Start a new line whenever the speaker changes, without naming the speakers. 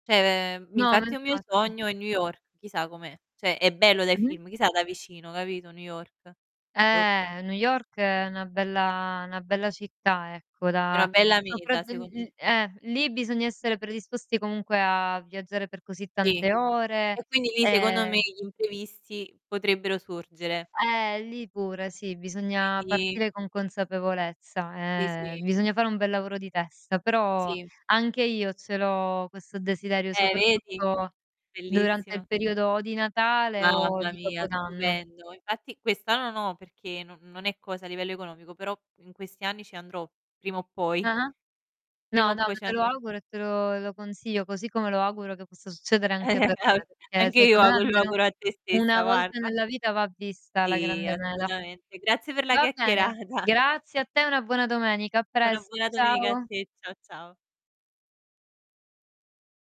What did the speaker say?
Cioè, ve
No, ma
infatti è un mio
infatti.
sogno è New York, chissà com'è. Cioè, è bello dai
Mh-mh.
film, chissà da vicino, capito, New York. Boh.
Eh, New York è una bella 'na bella città ecco
È una
da
bella meta
sopratt
secondo m
uhm, eh! Lì bisogna essere predisposti comunque a viaggiare per così
Sì,
tante ore,
e quindi lì secondo me
ehm
gli imprevisti potrebbero sorgere.
Eh lì pure, sì, bisogna
Quindi
partire con
Sì,
consapevolezza e
sì.
bisogna fare un bel lavoro di testa, però
Sì.
anche io ce l'ho questo desiderio
Eh, vedi?
soprattutto durante il
Bellissima.
periodo o di Natale o
Mamma
di
mia,
Capodanno.
stupendo. Infatti quest'anno no, perché no non è cosa a livello economico, però in questi anni ci andrò prima o poi.
Ah-ah.
Prima
No,
o
no,
poi
no,
ci
te lo
andrò.
auguro e te lo e lo consiglio, così come lo auguro che possa succedere anche per
Al
me, perché,
anche io
secondo me,
auguro lo
almeno
auguro a te stessa
1 volta
guarda.
nella vita va vista la
Sì
grande mela.
assolutamente. Grazie per la
Va bene,
chiacchierata.
grazie a te e una buona domenica. A
E una
presto,
buona domenica a
ciao.
te. Ciao, ciao.